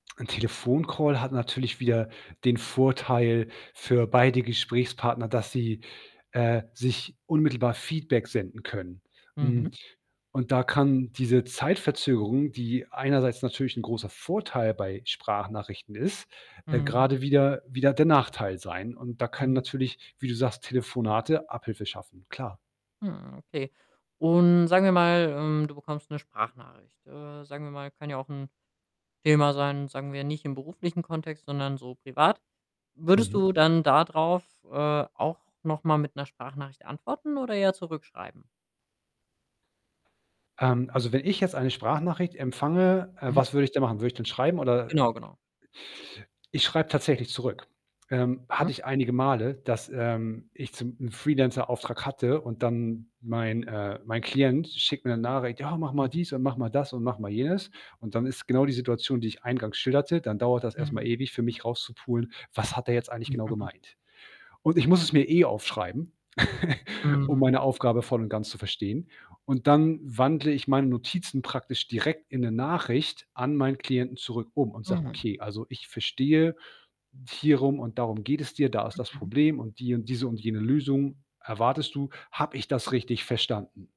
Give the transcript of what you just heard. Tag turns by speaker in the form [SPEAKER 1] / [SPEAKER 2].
[SPEAKER 1] 'N Telefoncall hat natürlich wieder den Vorteil für beide Gesprächspartner, dass sie, äh, sich unmittelbar Feedback senden können. Hm,
[SPEAKER 2] Mhm.
[SPEAKER 1] und da kann diese Zeitverzögerung, die einerseits natürlich 'n großer Vorteil bei Sprachnachrichten ist, äh,
[SPEAKER 2] Mhm.
[SPEAKER 1] grade wieder wieder der Nachteil sein. Und da kann
[SPEAKER 2] Mhm.
[SPEAKER 1] natürlich, wie du sagst, Telefonate Abhilfe schaffen, klar.
[SPEAKER 2] Hm, okay. Und sagen wir mal, ähm, du bekommst 'ne Sprachnachricht. Äh, sagen wir mal, kann ja auch 'n Thema sein, sagen wir, nicht im beruflichen Kontext, sondern so privat. Würdest
[SPEAKER 1] Mhm.
[SPEAKER 2] du dann dadrauf, äh, auch noch mal mit 'ner Sprachnachricht antworten oder eher zurückschreiben?
[SPEAKER 1] Ähm, also, wenn ich jetzt eine Sprachnachricht empfange, äh,
[SPEAKER 2] Mhm.
[SPEAKER 1] was würde ich da machen? Würde ich denn schreiben oder
[SPEAKER 2] Genau, genau.
[SPEAKER 1] ich schreibe tatsächlich zurück. Ähm, hatte
[SPEAKER 2] Mhm.
[SPEAKER 1] ich einige Male, dass, ähm, ich zum 'n Freelancer-Auftrag hatte und dann mein, äh mein Klient schickt mir 'ne Nachricht: „Ja, mach mal
[SPEAKER 2] Mhm.
[SPEAKER 1] dies und mach mal das und mach mal jenes.“ Und dann ist genau die Situation, die ich eingangs schilderte, dann dauert das erst mal
[SPEAKER 2] Mhm.
[SPEAKER 1] ewig für mich rauszupulen: „Was hat er jetzt eigentlich genau gemeint?“ Und ich muss es mir eh aufschreiben, um
[SPEAKER 2] Mhm.
[SPEAKER 1] meine Aufgabe voll und ganz zu verstehen. Und dann wandle ich meine Notizen praktisch direkt in 'ne Nachricht an meinen Klienten zurück um und sage:
[SPEAKER 2] Mm.
[SPEAKER 1] „Okay, also, ich verstehe, hierum und darum geht es dir. Da ist das
[SPEAKER 2] Mhm, mhm.
[SPEAKER 1] Problem und die und diese und jene Lösung erwartest du, habe ich das richtig verstanden?“